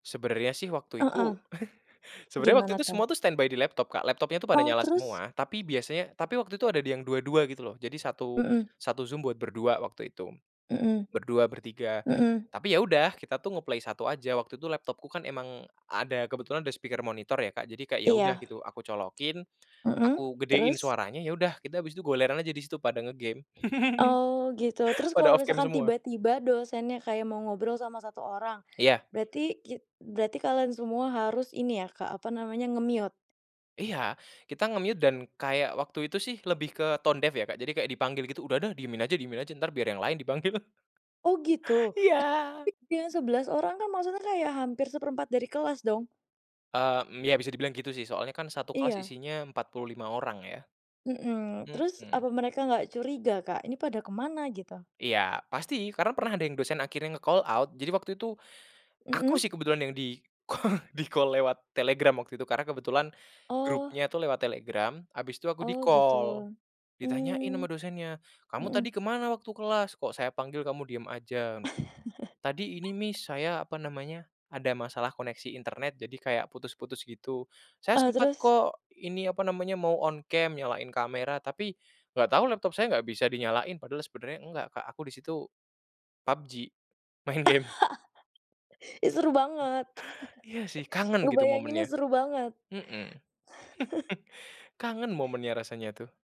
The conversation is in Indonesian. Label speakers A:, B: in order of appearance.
A: Sebenarnya sih waktu
B: Heeh.
A: itu, sebenarnya waktu
B: Gimana
A: itu
B: tuh?
A: semua tuh standby di laptop Kak, laptopnya tuh pada
B: Oh
A: nyala
B: terus?
A: semua. Tapi biasanya tapi waktu itu ada yang 2- 2 gitu loh, jadi satu
B: Mhm.
A: satu Zoom buat berdua waktu itu.
B: Mhm.
A: Berdua, bertiga,
B: Mhm.
A: tapi ya udah kita tuh nge-play 1 aja, waktu itu laptopku kan emang ada kebetulan ada speaker monitor ya Kak, jadi kayak ya udah
B: Iya.
A: gitu, aku colokin,
B: Mhm,
A: aku gedein
B: terus?
A: suaranya, ya udah, kita habis itu goleran aja di situ pada nge-game.
B: Oh, gitu, terus
A: Pada
B: kalau
A: off cam
B: misalkan
A: semua.
B: tiba-tiba dosennya kayak mau ngobrol sama 1 orang,
A: Iya.
B: berarti ki berarti kalian semua harus ini ya Kak, apa namanya, nge-mute?
A: Iya. kita nge-mute dan kayak waktu itu sih lebih ke tone deaf ya, jadi kayak dipanggil gitu, "udah dah diemin aja diemin aja, ntar biar yang lain dipanggil".
B: Oh gitu,
A: Iya.
B: lah, tapi yang 11 orang kan maksudnya kayak hampir 1/4 dari kelas dong.
A: E mmm, ya bisa dibilang gitu sih, soalnya kan 1 kelas
B: Iya.
A: isinya 45 orang ya.
B: Mhm. terus,
A: Mhm.
B: apa mereka nggak curiga Kak ini pada kemana, gitu?
A: Iya, pasti, karena pernah ada yang dosen akhirnya nge-call out. Jadi waktu itu, aku sih
B: Mhm.
A: kebetulan yang di-call, di-call lewat Telegram waktu itu. Karena kebetulan,
B: Oh.
A: grupnya lewat Telegram, habis itu aku
B: Oh gitu,
A: di-call. Ditanyain sama
B: mmm.
A: dosennya, "Kamu
B: Mhm.
A: tadi kemana waktu kelas? kok saya panggil kamu diem aja?" "Tadi ini Miss saya, apa namanya, ada masalah koneksi internet, jadi kayak putus-putus gitu, saya
B: E
A: sempat
B: terus?
A: kok, ini, apa namanya, mau on cam, nyalain kamera, tapi, nggak tau laptop saya nggak bisa dinyalain," padahal sebenarnya enggak Kak aku di situ PUBG, main game.
B: Ih, seru banget.
A: Iya sih, kangen gitu
B: Ngebayanginnya
A: momennya.
B: seru banget.
A: Mhm. Kangen momennya rasanya tuh.